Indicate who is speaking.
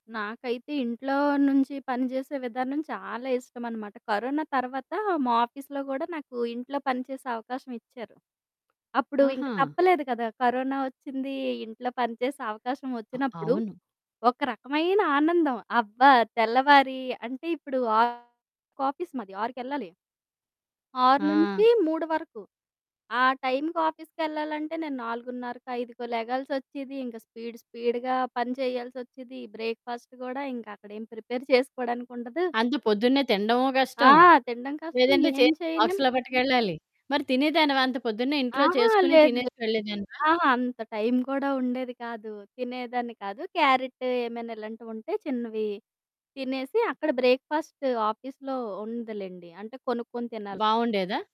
Speaker 1: నాకైతే ఇంట్లో నుంచి పని జేసే విధానం చాలా ఇష్టమనమాట. కరోన తర్వాత మా ఆఫీస్‌లో గూడా నాకింట్లో పని చేసే అవకాశమిచ్చారు. అప్పుడు ఇంక
Speaker 2: ఆహా!
Speaker 1: తప్పలేదు కదా కరోనా వచ్చింది, ఇంట్లో పని చేసే అవకాశం
Speaker 2: అ
Speaker 1: వచ్చినప్పుడు,
Speaker 2: అవును.
Speaker 1: ఒక రకమైన ఆనందం అబ్బా! తెల్లవారి అంటే ఇప్పుడు 6కి ఆఫీస్ మాది ఆరుకెళ్ళాలి. ఆరు
Speaker 2: ఆ!
Speaker 1: నుంచి మూడు వరకు ఆ టైంకి ఆఫీస్‌కెళ్ళాలంటే నేను 4:30కో, 5కో లెగాల్సి వచ్చేది. ఇంక స్పీడ్ స్పీడ్‌గా పని చేయాల్సి వచ్చేది. బ్రేక్ ఫాస్ట్ గూడా ఇంకా అక్కడేం ప్రిపేర్ చేసుకోడానికుండదు.
Speaker 2: అంత పొద్దున్నే తినడము
Speaker 1: ఆ!
Speaker 2: కష్టం.
Speaker 1: తినడం కష్టం
Speaker 2: లేదంటే
Speaker 1: ఏం
Speaker 2: చేసి
Speaker 1: చేయలేం.
Speaker 2: బాక్స్‌లో పట్టుకెళ్ళాలి. మరి తినేదానివా అంత పొద్దున్నే ఇంట్లో
Speaker 1: అహా!
Speaker 2: చేసుకొని
Speaker 1: లేదు లేదు.
Speaker 2: తినేసి వెళ్ళేదానివా?
Speaker 1: అహా! అంత టైం కూడా ఉండేది కాదు, తినేదాన్ని కాదు. క్యారెట్ ఏమైనా ఇలాంటివి ఉంటే చిన్నవి తినేసి అక్కడ బ్రేక్ ఫాస్ట్ ఆఫీస్‌లో ఉందిలేండి అంటే కొనుక్కొని తినాలి.
Speaker 2: బాగుండేదా?